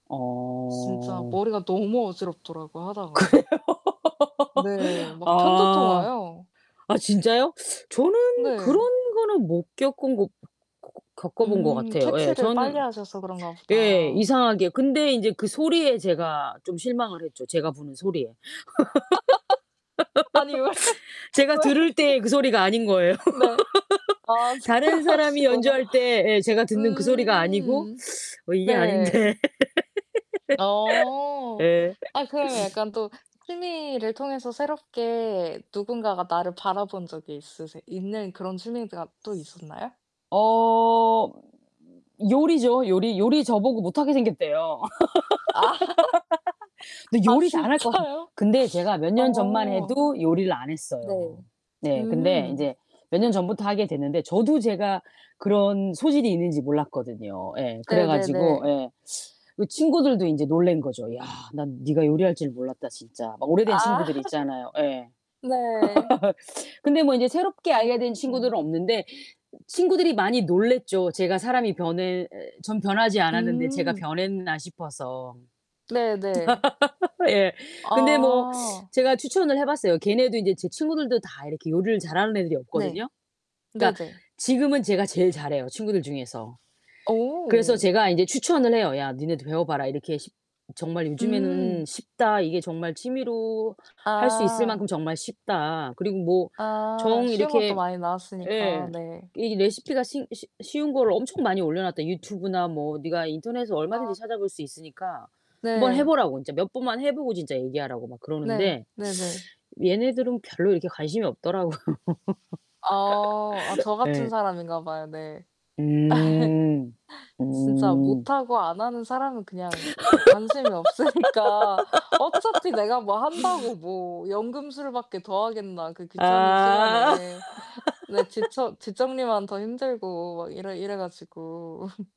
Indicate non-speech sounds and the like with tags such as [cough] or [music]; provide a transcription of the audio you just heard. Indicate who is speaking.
Speaker 1: 진짜
Speaker 2: 어.
Speaker 1: 머리가 너무
Speaker 2: 그래요?
Speaker 1: 어지럽더라고요 하다가. 네.
Speaker 2: [laughs]
Speaker 1: 막 편두통
Speaker 2: 아.
Speaker 1: 와요.
Speaker 2: 아 진짜요? 저는 그런
Speaker 1: 네.
Speaker 2: 거는 못 겪은 거 고 고 겪어본 것
Speaker 1: 음.
Speaker 2: 같아요. 예.
Speaker 1: 캐치를
Speaker 2: 저는
Speaker 1: 빨리 하셔서 그런가
Speaker 2: 예
Speaker 1: 보다.
Speaker 2: 이상하게. 근데 인제 그 소리에 제가 좀 실망을 했죠. 제가 부는 소리에.
Speaker 1: [laughs] 아니 왜,
Speaker 2: [laughs] 제가
Speaker 1: 왜?
Speaker 2: 들을 때의 그 소리가 아닌 거예요.
Speaker 1: [laughs] 네. 아,
Speaker 2: [laughs]
Speaker 1: 즈
Speaker 2: 다른 사람이
Speaker 1: 그러시구나.
Speaker 2: 연주할 때 예 제가 듣는 그 소리가 아니고
Speaker 1: 음.
Speaker 2: [sucks teeth] '어 이게
Speaker 1: 네.
Speaker 2: 아닌데.' [laughs]
Speaker 1: 어.
Speaker 2: 예. [laughs]
Speaker 1: 아 그러면 약간 또 취미를 통해서 새롭게 누군가가 나를 바라본 적이 있으세 있는 그런 취미가 또 있었나요?
Speaker 2: 어. 요리죠, 요리, 요리 저보고 못하게 생겼대요.
Speaker 1: 아.
Speaker 2: [laughs]
Speaker 1: [laughs]
Speaker 2: 근데
Speaker 1: 아
Speaker 2: 요리 잘할 것 같은
Speaker 1: 진짜요?
Speaker 2: 근데 제가 몇 년 전만
Speaker 1: 어.
Speaker 2: 해도 요리를 안 했어요.
Speaker 1: 네.
Speaker 2: 네, 근데
Speaker 1: 음.
Speaker 2: 인제 몇 년 전부터 하게 됐는데 저도 제가 그런 소질이 있는지 몰랐거든요. 예. 그래
Speaker 1: 네 네
Speaker 2: 가지고
Speaker 1: 네.
Speaker 2: 에 그 친구들도 인제 놀란 거죠. "야, 난 네가 요리할 줄 몰랐다, 진짜." 막 오래된
Speaker 1: 아.
Speaker 2: 친구들
Speaker 1: [laughs]
Speaker 2: 있잖아요. 예.
Speaker 1: 네.
Speaker 2: [laughs] 근데 뭐 인제 새롭게 알게 된
Speaker 1: 어.
Speaker 2: 친구들은 없는데 친구들이 많이 놀랐죠. 제가 사람이 변해 전 변하지 않았는데 제가
Speaker 1: 음.
Speaker 2: 변했나 싶어서.
Speaker 1: 네 네.
Speaker 2: [laughs] 예. 근데 뭐
Speaker 1: 아.
Speaker 2: 제가 추천을 해 봤어요. 걔네도 인제 제 친구들도 다 이렇게 요리를 잘하는 애들이
Speaker 1: 네.
Speaker 2: 없거든요. 그러니까
Speaker 1: 네네.
Speaker 2: 지금은 제가 제일 잘해요 친구들 중에서. 그래서
Speaker 1: 어.
Speaker 2: 제가 인제 추천을 해요. "야 니네도 배워 봐라. 이렇게 쉽 정말
Speaker 1: 음.
Speaker 2: 요즘에는 쉽다. 이게 정말 취미로 할 수 있을
Speaker 1: 아.
Speaker 2: 만큼 정말 쉽다. 그리고 뭐
Speaker 1: 아.
Speaker 2: 정
Speaker 1: 쉬운 것도
Speaker 2: 이렇게"
Speaker 1: 많이 나왔으니까.
Speaker 2: 예.
Speaker 1: 네.
Speaker 2: "이 레시피가 싱 쉬 쉬운 거를 엄청 많이 올려놨다." 유튜브나 뭐 네가 인터넷에서 얼마든지
Speaker 1: 어.
Speaker 2: 찾아 볼 수 있으니까 한번 해
Speaker 1: 네.
Speaker 2: 보라고 인제 몇 번만 해 보고 진짜 얘기하라고 막
Speaker 1: 네.
Speaker 2: 그러는데.
Speaker 1: 네 네.
Speaker 2: 얘네들은 별로 이렇게 관심이 없더라고요.
Speaker 1: 어. 아 저
Speaker 2: [laughs]
Speaker 1: 같은
Speaker 2: 예.
Speaker 1: 사람인가 봐요. 네.
Speaker 2: 음.
Speaker 1: [laughs] 진짜
Speaker 2: 어.
Speaker 1: 못하고 안하는 사람은 그냥 네 관심이 없으니까 '어차피 내가 뭐 한다고
Speaker 2: [laughs]
Speaker 1: 뭐 연금술밖에 더 하겠나 그 귀찮은
Speaker 2: 아.
Speaker 1: 시간에.' 네. '뒷처
Speaker 2: [laughs]
Speaker 1: 뒷정리만 더 힘들고.' 막 이래 이래 가지고 [laughs]